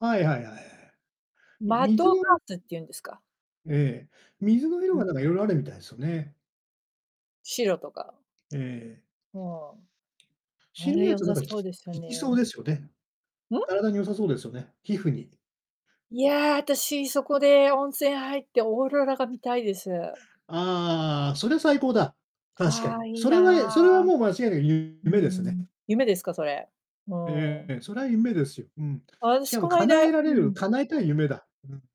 はいはいはいはい。マッ水ドパのみーツっていうんですか？ええ、水の色うがなん。んかいろいろあるみたいですよね。白とかええ。うん。あ白いれやつ良はさなんか、そうきですよ効きそうね。ですよね。ん。体に良さそうですよね、皮膚に。いや、私そこで温泉入ってオーロラが見たいです。ああ、それ最高だ、確かあに。あ、いいそれはえそれはな、もう間違いなくゆうーめですね。ん。夢ですか、それ、うえーん。え、それは夢ですよ。うん。あたししかもこない叶だえられうるん。叶えたい夢だ。うん。